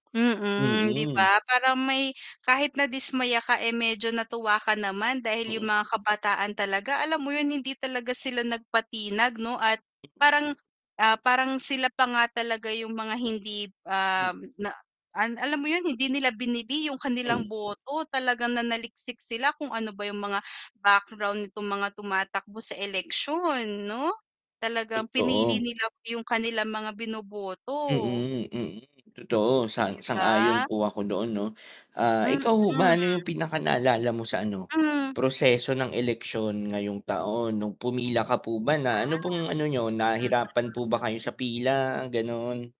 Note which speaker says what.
Speaker 1: Mm. 'Di
Speaker 2: Mm.
Speaker 1: ba, parang may kahit nadismaya ka, eh, medyo natuwa ka naman dahil yung
Speaker 2: Mm.
Speaker 1: mga kabataan talaga, alam mo yun hindi talaga sila nagpatinag 'no, at parang, ah, parang sila pa nga talaga yung mga hindi,
Speaker 2: Hmm.
Speaker 1: ah, na alam mo yun hindi nila bini-bili yung kanilang
Speaker 2: Hmm.
Speaker 1: boto talagang nanaliksik sila kung ano ba yung mga background nitong mga tumatakbo sa eleksyon, 'no? Talagang pinili nila yung kanilang mga bino-boto.
Speaker 2: Mm, mm. totoo sa
Speaker 1: 'Di
Speaker 2: sang ayon
Speaker 1: ba?
Speaker 2: po ako doon, 'no? Ah,
Speaker 1: Mm.
Speaker 2: ikaw ho ba ano yung pinaka naalala mo sa ano,
Speaker 1: Hmm.
Speaker 2: proseso ng eleksyon ngayong taon? Nung pumila ka po ba na ano
Speaker 1: Ah.
Speaker 2: pong ano niyo, Nahirapan po ba kayo sa pila, gano'n?